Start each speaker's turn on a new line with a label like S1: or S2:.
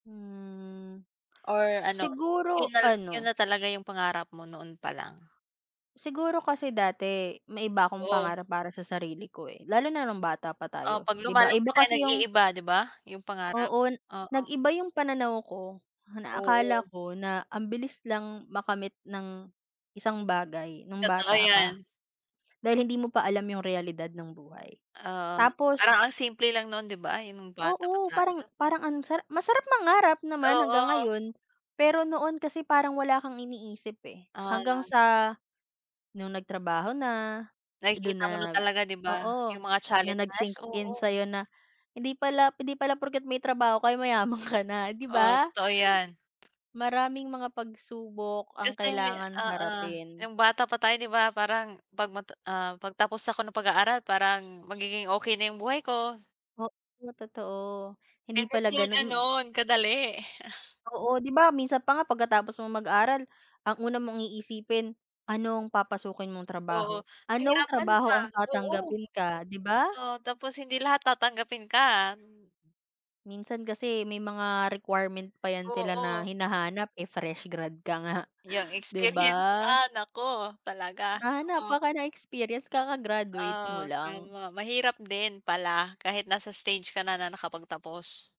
S1: Mm,
S2: Or ano, yun
S1: siguro
S2: na yun
S1: ano,
S2: na talaga yung pangarap mo noon pa lang?
S1: Siguro kasi dati, may iba akong
S2: O.
S1: pangarap para sa sarili ko eh lalo na nung bata pa
S2: O
S1: tayo,
S2: 'pag
S1: 'di ba iba
S2: lumalaki tayo
S1: kasi yung
S2: nag-iiba 'di ba, yung pangarap,
S1: Oo,
S2: oo.
S1: nag-iba yung pananaw ko, na akala
S2: Oo.
S1: ko na ambilis lang makamit ng isang bagay nung
S2: Totoo
S1: bata
S2: 'yan.
S1: ka, dahil hindi mo pa alam yung realidad ng buhay,
S2: Oo, parang ang
S1: tapos.
S2: simple lang noon 'di ba yung nung bata pa
S1: Oo parang
S2: tayo?
S1: parang ang sara masarap mangarap naman hanggang
S2: Oo.
S1: ngayon, pero noon kasi parang wala kang iniisip eh hanggang
S2: Akala.
S1: sa, nung nagtrabaho na, dun
S2: Nakikita mo na
S1: na,
S2: talaga 'di ba,
S1: oo,
S2: yung mga
S1: dun na nag
S2: challenges,
S1: sync in
S2: oo.
S1: sa'yo na hindi pala 'di pala porket may trabaho ka ay mayaman ka na 'di
S2: Oo,
S1: ba?
S2: totoo 'yan.
S1: Maraming mga pagsubok ang
S2: Kasi
S1: kailangang
S2: oo,
S1: harapin.
S2: nung bata pa tayo 'di ba parang 'pag mata ah, 'pag tapos ako ng pag-aaral parang magiging okey na yung buhay ko.
S1: Oo totoo, hindi
S2: Hindi
S1: pala
S2: pala
S1: ganun m
S2: ganun kadali.
S1: Oo 'di ba minsan pa nga pagkatapos mong mag-aral ang una mong iisipin, anong papasukin mong
S2: Oo,
S1: trabaho, anong
S2: pahirapan pa,
S1: trabaho ang
S2: oo.
S1: tatanggapin ka 'di ba?
S2: Oo, tapos hindi lahat tatanggapin ka.
S1: Minsan kasi may mga requirement pa 'yan sila na
S2: Oo.
S1: hinahanap eh, fresh grad ka nga,
S2: Yung
S1: 'di ba?
S2: experience ah, naku talaga,
S1: Hahanapan
S2: oo.
S1: ka ng experience kakagraduate mo
S2: Oo,
S1: lang.
S2: tama mahirap din pala kahit nasa stage ka na na nakapagtapos.